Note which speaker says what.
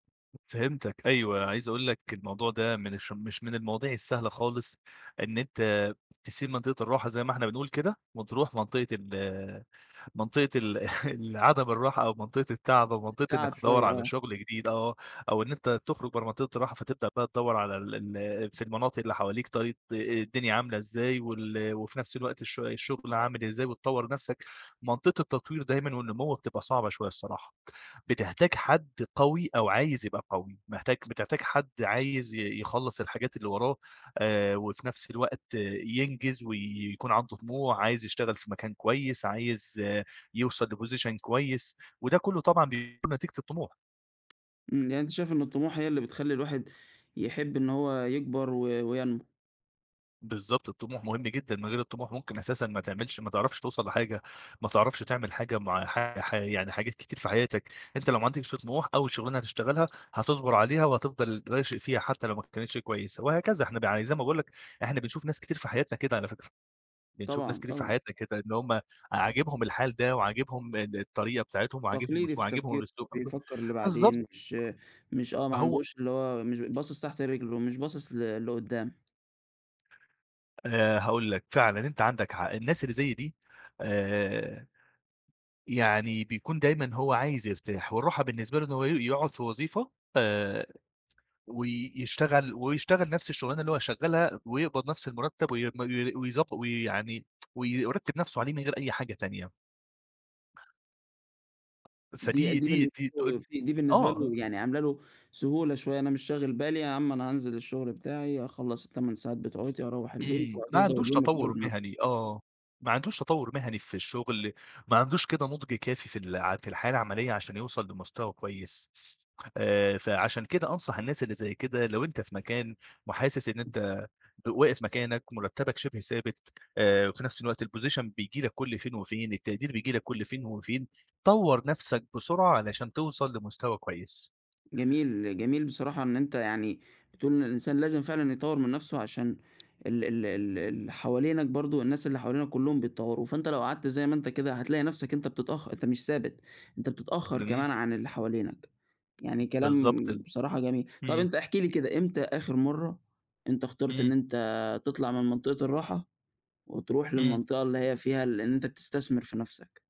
Speaker 1: فهمتك، أيوه، عايز أقول لك الموضوع ده من الش مش من المواضيع السهلة خالص، إن أنت تسيب منطقة الراحة زي ما إحنا بنقول كده، وتروح منطقة ال منطقة ال العدم الراحة أو منطقة التعب أو منطقة
Speaker 2: تعَب
Speaker 1: إنك تدوّر
Speaker 2: شوية
Speaker 1: على
Speaker 2: آه.
Speaker 1: شغل جديد، آه، أو إن أنت تخرج برّه منطقة الراحة فتبدأ بقى تدوّر على ال ال في المناطق اللي حواليك طيب آآ، الدنيا عاملة إزاي، وال وفي نَفس الوقت الش الشغل عامل إزاي، وتطوَّر نَفسك. منطقة التطوير دايمًا والنمو بتبقى صعبة شوية الصراحة. بتحتاج حد قوي أو عايز يبقى قوي. محتاج بتحتاج حد عايز ي يخلّص الحاجات اللي وراه، آآ، وفي نَفس الوقت ينجز ويكون عنده طموح، عايز يشتغل في مكان كويس، عايز يوصل لposition كويس، وده كلّه طبعًا بيكون نتيجة الطموح.
Speaker 2: إمم، يعني أنت شايف إن الطموح هي اللي بتخلي الواحد يحب إن هو يكبر و وينمو.
Speaker 1: بالضبط، الطموح مهم جدًا، من غير الطموح ممكن أساسًا ما تعملش ما تعرفش توصل لحاجة، ما تعرفش تعمل حاجة مع ح ح يعني حاجات كتير في حياتك. أنت لو ما عندكش طموح، أول شغلانة هتشتغلها هتصبر عليها وهتفضل راشق فيها حتى لو ما كانتش كويسة، وهكذا. إحنا بع زي ما باقول لك، إحنا بنشوف ناس كتير في حياتنا كده على فكرة. بنشوف ناس
Speaker 2: طبعًا،
Speaker 1: كتير في
Speaker 2: طبعًا.
Speaker 1: حياتنا كده إن هُم عاجبهم الحال ده، وعاجبهم، إن الطريقة بتاعتهم، وعاجبهم
Speaker 2: تقليدي
Speaker 1: س
Speaker 2: في
Speaker 1: وعاجبهم
Speaker 2: التفكير
Speaker 1: ال [unintelligible]
Speaker 2: بيفكر
Speaker 1: بالضبط.
Speaker 2: لبعدين، مش مش آه ما
Speaker 1: هو
Speaker 2: عندهوش اللي هو مش باصص تحت رجله، مش باصص ل لقدام.
Speaker 1: آآ، هاقول لك، فعلًا أنت عندك حق. الناس اللي زي دي، آآ، يعني بيكون دايمًا هو عايز يرتاح، والراحة بالنسبة له إن هو ي يقعد في وظيفة، آآ، وي يشتغل ويشتغل نَفس الشغلانة اللي هو شغالها، ويقبض نَفس المرتب وي وي ويضبّ وي يعني، ويرتب نَفسه عليه من غير أي حاجة تانية.
Speaker 2: دي
Speaker 1: فدي
Speaker 2: دي
Speaker 1: دي
Speaker 2: بالنسبة
Speaker 1: دي ت
Speaker 2: له [unintelligible] دي بالنسبة
Speaker 1: آه.
Speaker 2: له يعني عاملة له سهولة شوية، أنا مش شاغل بالي، يا عم أنا هانزل الشغل بتاعي، أخلّص ال8 ساعات بتوعوتي وأروّح البيت،
Speaker 1: إمم، ما
Speaker 2: وهكذا،
Speaker 1: عندوش
Speaker 2: واليوم
Speaker 1: تطوُّر
Speaker 2: يكرر نَفسه.
Speaker 1: مهني، آه. ما عندهوش تطوُّر مهني في الشغل، ما عندوش كده نضج كافي في الع في الحياة العملية عشان يوصل لمستوى كويس. آآ، فعشان كده أنصح الناس اللي زي كده، لو أنت في مكان وحاسس إن أنت ب واقف مكانك، مرتبك شِبه ثابت، آآ، وفي نَفس الوقت الposition بييجي لك كُلّ فين وفين، التقدير بييجي لك كُلّ فين وفين، طوَّر نفسك بسرعة علشان توصل لمستوى كويس.
Speaker 2: جميل جميل بصراحة إن أنت يعني بتقول إن الإنسان لازم فعلًا يطوَّر من نَفسه عشان ال ال ال ال حوالينك برضو، الناس اللي حوالينك كلّهم بيتطوروا، فأنت لو قعدت زي ما أنت كده هتلاقي نَفسك أنت بتتأخ أنت مش ثابت، أنت بتتأخر
Speaker 1: إمم.
Speaker 2: كمان عن اللي حوالينك. يعني كلام
Speaker 1: بالضبط
Speaker 2: بصراحة جميل. طب
Speaker 1: إمم.
Speaker 2: أنت احكِ لي كده، إمتى آخر مَرّة أنت اخترت إن
Speaker 1: إمم.
Speaker 2: أنت تطلع من منطقة الراحة، وتروح
Speaker 1: إمم.
Speaker 2: للمنطقة اللي هي فيها ال إن أنت بتستثمر في نَفسك؟